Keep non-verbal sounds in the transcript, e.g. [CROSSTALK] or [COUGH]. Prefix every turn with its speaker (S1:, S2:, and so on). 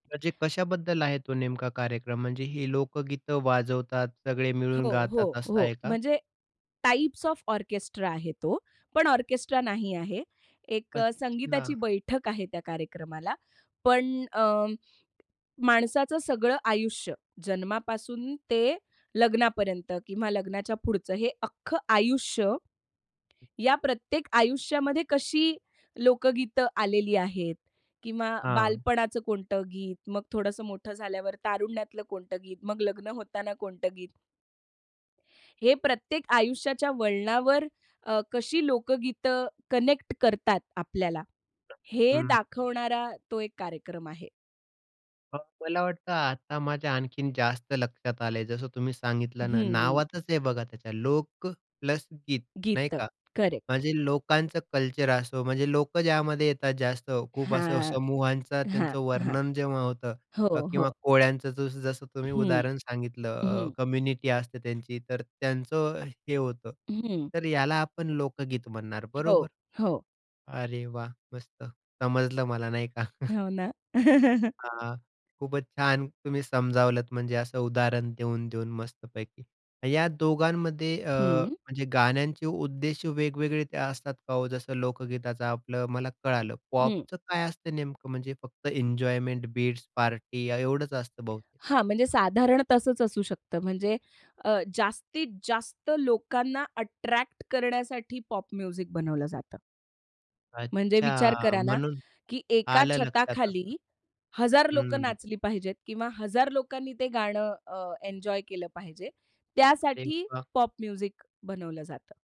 S1: म्हणजे कशाबद्दल आहे तो नेमका कार्यक्रम? म्हणजे ही लोकगीतं वाजवतात. सगळे मिळून
S2: हो, हो,
S1: गातात असं
S2: हो.
S1: आहे का?
S2: म्हणजे टाइप्स ऑफ ऑर्केस्ट्रा आहे तो, पण ऑर्केस्ट्रा नाही आहे. एक अ,
S1: अच्छा.
S2: संगीताची बैठक आहे त्या कार्यक्रमाला, पण अ, माणसाचं सगळं आयुष्य जन्मापासून ते लग्नापर्यंत किंवा लग्नाच्या पुढचं हे अख्खं आयुष्य, या प्रत्येक आयुष्यामध्ये कशी लोकगीतं आलेली आहेत किंवा
S1: हां.
S2: बालपणाचं कोणतं गीत, मग थोडंसं मोठं झाल्यावर तारुण्यातलं कोणतं गीत, मग लग्न होताना कोणतं गीत? हे प्रत्येक आयुष्याच्या वळणावर वर अ, कशी लोकगीतं कनेक्ट करतात आपल्याला, हे
S1: हं.
S2: दाखवणारा तो एक कार्यक्रम आहे.
S1: मग मला वाटतं आता माझ्या आणखीन जास्त लक्षात आलंय. जसं तुम्ही
S2: हं,
S1: सांगितलं ना,
S2: हं.
S1: नावातच आहे बघा त्याच्या. लोकं प्लस गीत नाही
S2: गीत.
S1: का.
S2: करेक्ट.
S1: म्हणजे लोकांचं कल्चर असो, म्हणजे लोकं ज्यामध्ये येतात जास्त खूप असं
S2: हां.
S1: समूहांचा
S2: हां,
S1: त्यांचं
S2: हां.
S1: वर्णन जेव्हा होतं
S2: हो,
S1: किंवा
S2: हो.
S1: कोळ्यांचं जसं-जसं तुम्ही
S2: हं,
S1: उदाहरण सांगितलं अ,
S2: हं.
S1: कम्युनिटी असते त्यांची तर त्यांचं हे होतं.
S2: हं.
S1: तर याला आपण लोकगीत म्हणणार
S2: हो,
S1: बरोबर?
S2: हो.
S1: अरे वाह! मस्त समजलं मला नाही का. [CHUCKLES]
S2: हो ना. [CHUCKLES]
S1: हां. खूपच छान तुम्ही समजावलत म्हणजे असं उदाहरण देऊन-देऊन मस्तपैकी. या दोघांमध्ये अ,
S2: हं.
S1: म्हणजे गाण्यांचे उद्देश वेगवेगळे असतात का हो? जसं लोकगीताचं आपलं मला कळालं.
S2: हं.
S1: पॉपचं काय असतं नेमकं म्हणजे फक्त एन्जॉयमेंट बीट्स, पार्टी एवढंच असतं बहुतेक?
S2: हां. म्हणजे साधारण तसंच असू शकतं म्हणजे अ, जास्तीत जास्त लोकांना अट्रॅक्ट करण्यासाठी पॉप म्युझिक बनवलं जातं. म्हणजे विचार
S1: अच्छा.
S2: करा ना,
S1: म्हणून,
S2: की एका
S1: आलं लक्षात आता.
S2: छताखाली हजार लोकं
S1: हं.
S2: नाचली पाहिजेत किंवा हजार लोकांनी ते गाणं अ, एन्जॉय केलं पाहिजे,
S1: अरे
S2: त्यासाठी
S1: वाह!
S2: पॉप म्युझिक बनवलं जातं.